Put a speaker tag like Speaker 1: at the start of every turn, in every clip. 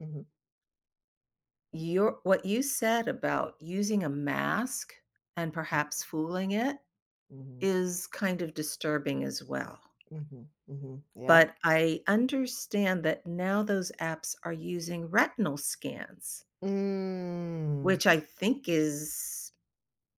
Speaker 1: Mhm.
Speaker 2: You're what you said about using a mask and perhaps fooling it
Speaker 1: Mhm.
Speaker 2: is kind of disturbing as well.
Speaker 1: Mhm, mhm, yeah.
Speaker 2: But I understand that now those apps are using retinal scans.
Speaker 1: Mm.
Speaker 2: Which I think is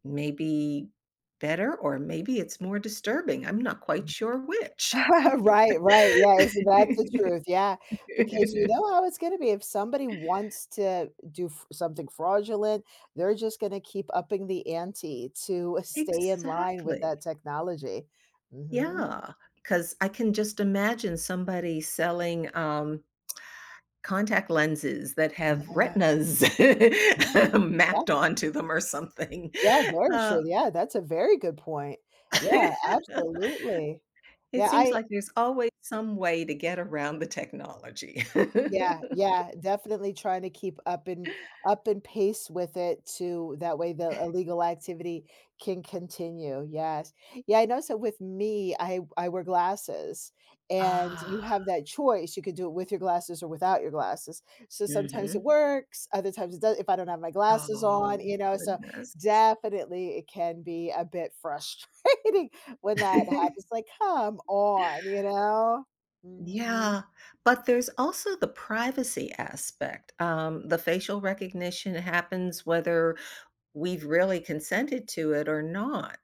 Speaker 2: maybe better or maybe it's more disturbing. I'm not quite sure which.
Speaker 1: Right, right, yeah, isn't that's the truth, yeah, because you know how it's gonna be if somebody wants to do f something fraudulent, they're just gonna keep upping the ante to stay in line with
Speaker 2: Exactly.
Speaker 1: that technology. Mhm.
Speaker 2: Yeah, 'cause I can just imagine somebody selling um contact lenses that have
Speaker 1: Yeah.
Speaker 2: retinas
Speaker 1: Yeah, yeah.
Speaker 2: mapped onto them or something,
Speaker 1: Yeah, very
Speaker 2: uh
Speaker 1: true. Yeah, that's a very good point. Yeah, absolutely.
Speaker 2: It
Speaker 1: Yeah,
Speaker 2: seems
Speaker 1: I
Speaker 2: like there's always some way to get around the technology.
Speaker 1: Yeah, yeah. Definitely trying to keep up and up and pace with it too that way the illegal activity can continue. Yes. Yeah, I know so with me, I w I wear glasses, and you
Speaker 2: Ah.
Speaker 1: have that choice. You could do it with your glasses or without your glasses. So sometimes it
Speaker 2: Mhm.
Speaker 1: works, other times it doe if I don't have my glasses on,
Speaker 2: Oh,
Speaker 1: you know, so
Speaker 2: goodness.
Speaker 1: definitely it can be a bit frustrating when that happens. Like, "Come on," you know. Mhm.
Speaker 2: Yeah, but there's also the privacy aspect. Um, the facial recognition happens whether we've really consented to it or not.